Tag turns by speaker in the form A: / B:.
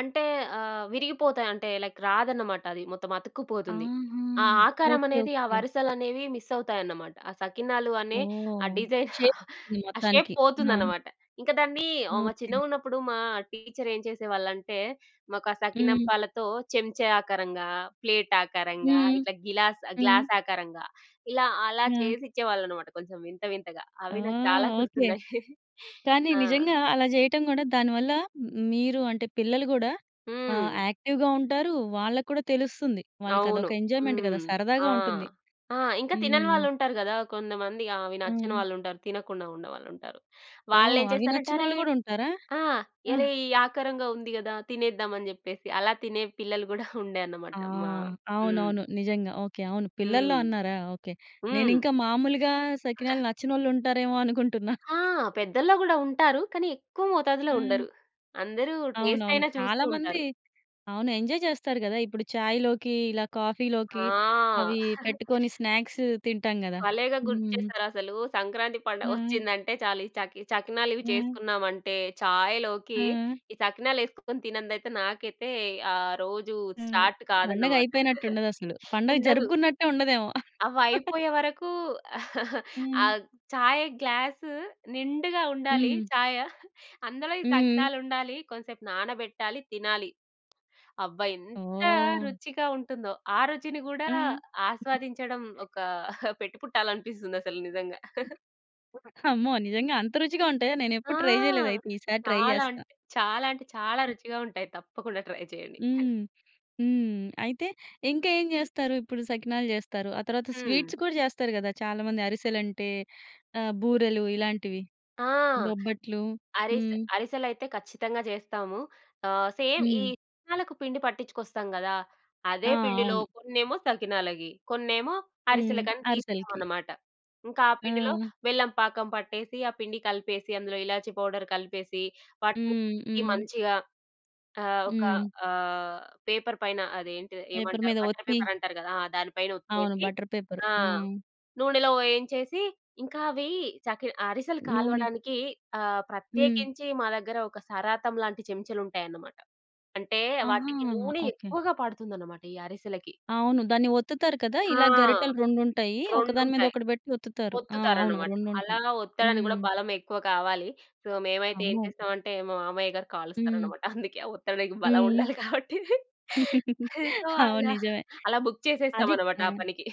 A: అంటే ఆహ్, విరిగిపోతాయి అంటే లైక్ రాదన్నమాట. అది మొత్తం అతుక్కుపోతుంది.
B: ఆహా!
A: ఆ
B: ఓకే.
A: ఆకారమనేది, ఆ
B: ఓకే.
A: వరుసలనేవి మిస్ అవుతాయన్నమాట. ఆ సకినాలు అనే ఆ
B: ఓహ్!
A: డిజైన్
B: షేప్ ఉంటుంది.
A: ఆ షేప్
B: మొత్తానికి. ఆ!
A: పోతుందన్నమాట. ఇంకా దాన్ని ఆహ్,
B: ఓకే.
A: చిన్నగున్నప్పుడు మా టీచరేం చేసేవాళ్ళంటే, మాకు ఆ
B: హ్మ్.
A: సకినప్పాలతో చెంచా ఆకారంగా, ప్లేట్ ఆకారంగా,
B: హ్మ్.
A: ఇట్లా గిలాస్
B: హ్మ్.
A: గ్లాస్ ఆకారంగా ఇలా అలా
B: ఆ!
A: చేసిచ్చేవాళ్ళన్నమాట. కొంచెం వింత వింతగా.
B: ఆ!
A: అవి నాకు చాలా
B: ఓకే.
A: గుర్తున్నయి.
B: కానీ
A: ఆ!
B: నిజంగా అలా జేయటం గూడా దానివల్ల మీరు అంటే పిల్లలు గూడా ఆహ్,
A: హ్మ్.
B: యాక్టివ్‌గా ఉంటారు. వాళ్ళకూడా తెలుస్తుంది.
A: అవును.
B: వాళ్ళకదొక ఎంజాయ్‌మెం‌ట్
A: హ్మ్.
B: గదా!
A: ఆ!
B: సరదాగా ఉంటుంది.
A: ఆ! ఇంకా తినని
B: హ్మ్.
A: వాళ్ళు ఉంటారు గదా! కొందమంది ఆ! అవి నచ్చని
B: హ్మ్.
A: వాళ్ళుంటారు. తినకుండా ఉన్నవాళ్ళుంటారు.
B: ఓహ్!
A: వాళ్ళెం
B: అవి
A: చేస్తారంటే, అరే
B: నచ్చనోళ్ళు గూడా ఉంటారా?
A: ఆ!
B: ఆహ్
A: అరే ఈ ఆకారంగా ఉంది గదా! తినేద్దామని జెప్పేసి అలా తినే పిల్లలు గుడా ఉండే
B: ఆ!
A: అన్నమాట మ హ్మ్.
B: అవునవును. నిజంగా. ఓకే. అవును. పిల్లల్లో
A: హ్మ్.
B: అన్నారా! ఓకే.
A: హ్మ్.
B: నేనింకా మామూలుగా సకినాలు
A: [unintelligible]
B: నచ్చనోళ్ళు ఉంటారేమో అనుకుంటున్న.
A: ఆ! పెద్దల్లో గూడా ఉంటారు. కనీ ఎక్కువ మోతాదులో
B: హ్మ్.
A: ఉండరు. అందరూ
B: అవునవును.
A: టెస్టైనా చూస్తూ
B: చాలా మంది
A: ఉంటారు.
B: అవును. ఎంజాయ్ జెస్తారు గదా! ఇప్పుడు చాయ్‌లోకి ఇలా కాఫీలోకి
A: ఆ!
B: అవి పెట్టుకొని స్నాక్స్ తింటాం గదా!
A: భలేగా
B: హ్మ్.
A: గుర్తుచేసారసలు. సంక్రాంతి
B: ఆ!
A: పండగొచ్చిందంటే చాలు ఈ చకి ఈ చకినాలివి
B: ఆ!
A: చేసుకున్నాంటే ఛాయ్‌లోకి
B: ఆ!
A: ఈ సకినాలెసుకొని తినందైతే నాకైతే ఆ రోజు
B: ఆ!
A: స్టార్ట్ కాదన్నమాట.
B: పండగైపోయినట్టుండదసలు. పండగ
A: ఉండదు.
B: జరుపుకున్నట్టే ఉండదేమో.
A: అవి అయిపోయేవరకు ఆ
B: హ్మ్.
A: ఛాయ్ గ్లాస్ నిండుగా ఉండాలి.
B: హ్మ్.
A: చాయ. అందులో ఈ
B: హ్మ్.
A: సకినాలు ఉండాలి. కొంసేపు నానబెట్టాలి, తినాలి. అబ్బా! ఎంత
B: ఓహ్!
A: రుచిగా ఉంటుందో! ఆ రుచిని గూడా
B: హ్మ్.
A: ఆస్వాదించడం ఒక పెట్టి పుట్టాలి అనిపిస్తుంది అసలు నిజంగా.
B: అమ్మో! నిజంగా అంత రుచిగా ఉంటాయా?
A: ఆ!
B: నేనెప్పుడు ట్రై జెయలేదు. అయితే ఈ సారి ట్రై
A: చాలా
B: జేస్తా.
A: అంటే చాలా అంటే చాలా రుచిగా ఉంటయి. తప్పకుండా ట్రై చేయండి. హె
B: హ్మ్. హ్మ్. అయితే ఇంకేం జెస్తారు? ఇప్పుడు సకినాలు జెస్తారు. ఆ తరువాత
A: హ్మ్.
B: స్వీట్స్ కూడా జెస్తారు గదా! చాలా మంది అరిసెలుంటే ఆహ్, బూరలు ఇలాంటివి.
A: ఆ!
B: బొబ్బట్లు.
A: అరిసె
B: హ్మ్.
A: అరిసెలైతే ఖచ్చితంగా జెస్తాము. ఆహ్, సేమ్ ఈ
B: హ్మ్.
A: సకినాలకు పిండి పట్టించుకొస్తాం గదా!
B: ఆ!
A: అదే పిండిలో
B: అవును.
A: కొన్నేమో సకినాలకి, కొన్నేమో
B: హ్మ్.
A: అరిసెలకని
B: అరిసెలకి.
A: తీస్తామన్నమాట. ఇంకా ఆ పిండిలో
B: ఆ!
A: బెల్లం పాకం పట్టేసి, ఆ పిండి కలిపేసి, అందులో ఇలాచి పౌడర్ కలిపేసి, వాటిని
B: హ్మ్.
A: కలిపి
B: హ్మ్.
A: మంచిగా ఆహ్, ఒక
B: హ్మ్.
A: ఆహ్, పేపర్ పైన అది ఏంటిది
B: పేపర్
A: ఏమంటారు?
B: మీద
A: బటర్
B: ఒత్తి.
A: పేపర్ అంటారు గదా ఆ! దాని పైన
B: అవును.
A: ఒత్తెసి,
B: బటర్ పేపర్.
A: ఆ!
B: హ్మ్.
A: నూనెలో వేయించేసి, ఇంకా అవి చకి ఆహ్, అరిసెలు
B: నూనె.
A: కాల్వడానికి ఆహ్,
B: హ్మ్.
A: ప్రత్యేకించి మా దగ్గర ఒక సరాతం లాంటి చెంచలుంటాయన్నమాట. అంటే
B: ఆహా!
A: వాటికి నూనె
B: ఓకే.
A: ఎక్కువగా పడుతుందన్నమాట. ఈ అరిసెలకి.
B: అవును. దాన్ని ఒత్తుతారు కదా!
A: ఆ!
B: ఇలా గరిటలు రెండుంటాయి. ఒకదాని మీద
A: రెండుంటాయి.
B: ఒకటి బెట్టి ఒత్తుతారు. ఆ! అవును.
A: ఒత్తుతారన్నమాట. అలా
B: రెండుంటయి.
A: ఒత్తడినికి గూడా
B: హ్మ్.
A: బలం ఎక్కువ కావాలి. సో, మేమైతే ఏం
B: అమ్మో!
A: చేస్తమంటే మా మామయ్య గారు
B: హ్మ్.
A: కాలుస్తారన్నమాట. అందుకే ఒత్తనికి బలం
B: హ్మ్.
A: ఉండాలి కాబట్టి. సో,
B: అవును.
A: అలా.
B: నిజమే.
A: అలా బుక్
B: అది
A: చేసేస్తామన్నమాట ఆ
B: ఆ!
A: పనికి.